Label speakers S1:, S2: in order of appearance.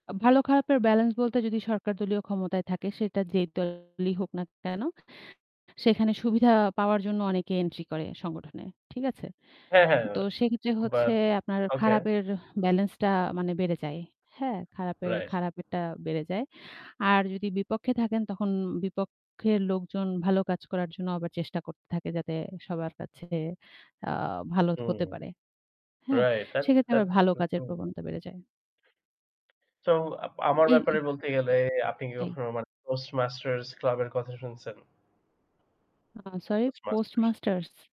S1: আ ভালো খারাপের ব্যালেন্স বলতে যদি সরকারদলীয় ক্ষমতায় থাকে সেটা যেই দলই হোক না কেন সেখানে সুবিধা পাওয়ার জন্য অনেকে এন্ট্রি করে সংগঠনে। ঠিক আছে?
S2: হ্যাঁ, হ্যাঁ।
S1: তো সেক্ষেত্রে হচ্ছে
S2: বাট
S1: আপনার
S2: ওকে।
S1: খারাপের ব্যালেন্সটা মানে বেড়ে যায়। হ্যাঁ? খারাপের
S2: রাইট।
S1: খারাপেরটা বেড়ে যায়। আর যদি বিপক্ষে থাকেন তখন বিপক্ষের লোকজন ভালো কাজ করার জন্য আবার চেষ্টা করতে থাকে যাতে সবার কাছে আ ভালো
S2: হুম।
S1: হতে পারে। হ্যাঁ?
S2: রাইট। that's
S1: সেক্ষেত্রে আবার
S2: that's
S1: ভালো
S2: হু,
S1: কাজের
S2: হু।
S1: প্রবণতা বেড়ে যায়।
S2: তো আ আমার ব্যাপারে
S1: এই
S2: বলতে গেলে আপনি
S1: জি।
S2: কখনো মানে Toastmasters Club এর কথা শুনছেন?
S1: আ সরি, post
S2: Toastmasters।
S1: masters?